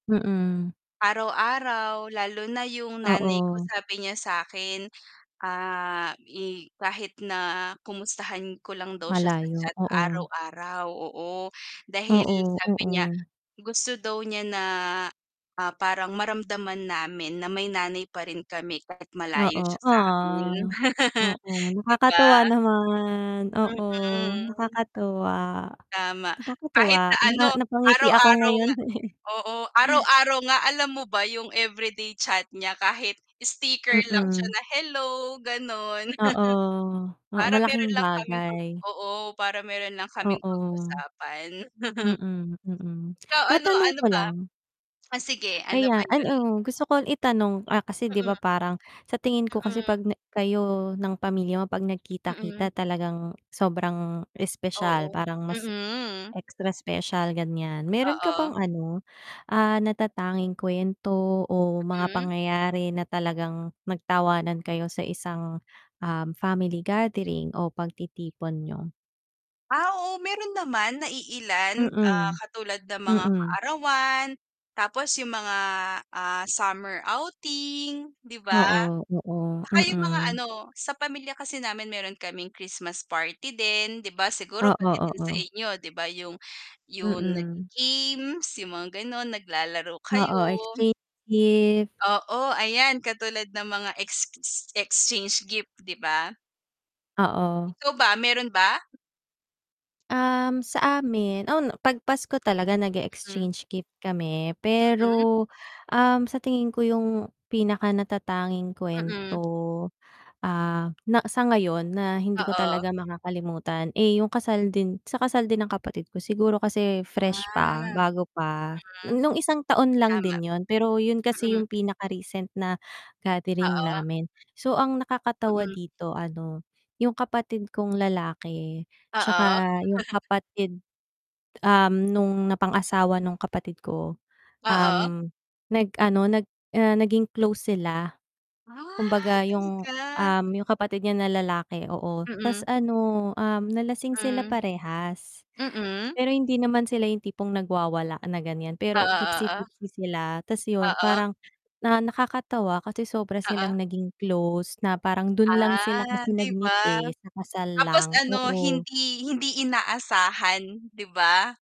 Mm. Araw-araw lalo na yung nanay ko Oo. sabi niya sa akin, ah, i kahit na kumustahan ko lang daw siya sa Malayo, chat oo. araw-araw, oo. Dahil Oo, sabi niya, oo. gusto daw niya na, ah, parang maramdaman namin na may nanay pa rin kami kahit Oo, malayo siya samin ah. Oo, 'di nakakatuwa ba? naman, oo Mhm. nakakatuwa. Tama, Nakakatuwa kahit na ano na-napangiti ako araw-araw ngayon nga eh. oo araw-araw nga alam mo ba yung everyday chat niya kahit sticker lang siya Mm. na, "hello," ganun. Oo, oo. Para Malaking meron lang kaming pag bagay. oo, para meron lang kaming Oo. pag-usapan. Mm, mm. Ikaw ano, Matanong ano ko ba. lang. Ah, sige ano ba Ayan, yun? ano, gusto ko itanong, ah, kasi 'di ba? Mm. Parang sa tingin ko kasi Mm. pag na kayo ng pamilya mo pag Mm. nagkita-kita talagang sobrang espesyal, Oo, parang mas mm. extra special ganyan. Meron ka Oo. bang ano, ah, natatanging kwento o mga Mhm. pangyayari na talagang nag tawanan kayo sa isang, ah, family gathering o pagtitipon niyo? Ah, oo meron naman na iilan, ah, Mm. katulad ng mga Mm. kaarawan tapos yung mga, ah, summer outing, 'di ba? Oo, oo, Tsaka yung mga mm. ano sa pamilya kasi namin meron kaming Christmas party din, 'di ba? Siguro Oo, pati din sa oo. inyo 'di ba? Yung, yung Mm. nagi-games, yung mga ganon naglalaro kayo. Oo, exchange gift Oo, ayan katulad ng mga ex ex exchange gift 'di ba? Oo. Ikaw ba? Meron ba? Um, sa amin on pag Pasko talaga Hmm. nag-e-exchange gift kami, Mhm. pero, um, sa tingin ko yung pinaka natatanging Mm. kuwento, ah, na sa ngayon na hindi ko Oo talaga makakalimutan, eh yung kasal din, sa kasal din ng kapatid ko. Siguro kasi fresh pa, Ah. bago pa, Hmm. nung isang taon lang Tama. din yun pero yun kasi Mm. yung pinaka-recent na gathering Oo. namin. So ang nakakatawa Mm. dito ano, yung kapatid kong lalaki Oo. tsaka yung kapatid, um, nung napangasawa nung kapatid ko. Oo. Um, nag-ano nag ah, naging close sila. Ah, Kumbaga yung, talaga. um, yung kapatid niya na lalaki oo, Mm. tas ano, um, nalasing sila Hmm. parehas, Mm. pero hindi naman sila yung tipong nagwawala na ganyan pero Oo, oo. tipsy-tipsy sila, tas yun Oo. parang na nakakatawa kasi sobra Oo. silang naging close, na parang dun lang sila Ah, kasi 'di nag-meet ba? eh, sa kasal Tapos lang, ano, oo. hindi, hindi inaasahan 'di ba?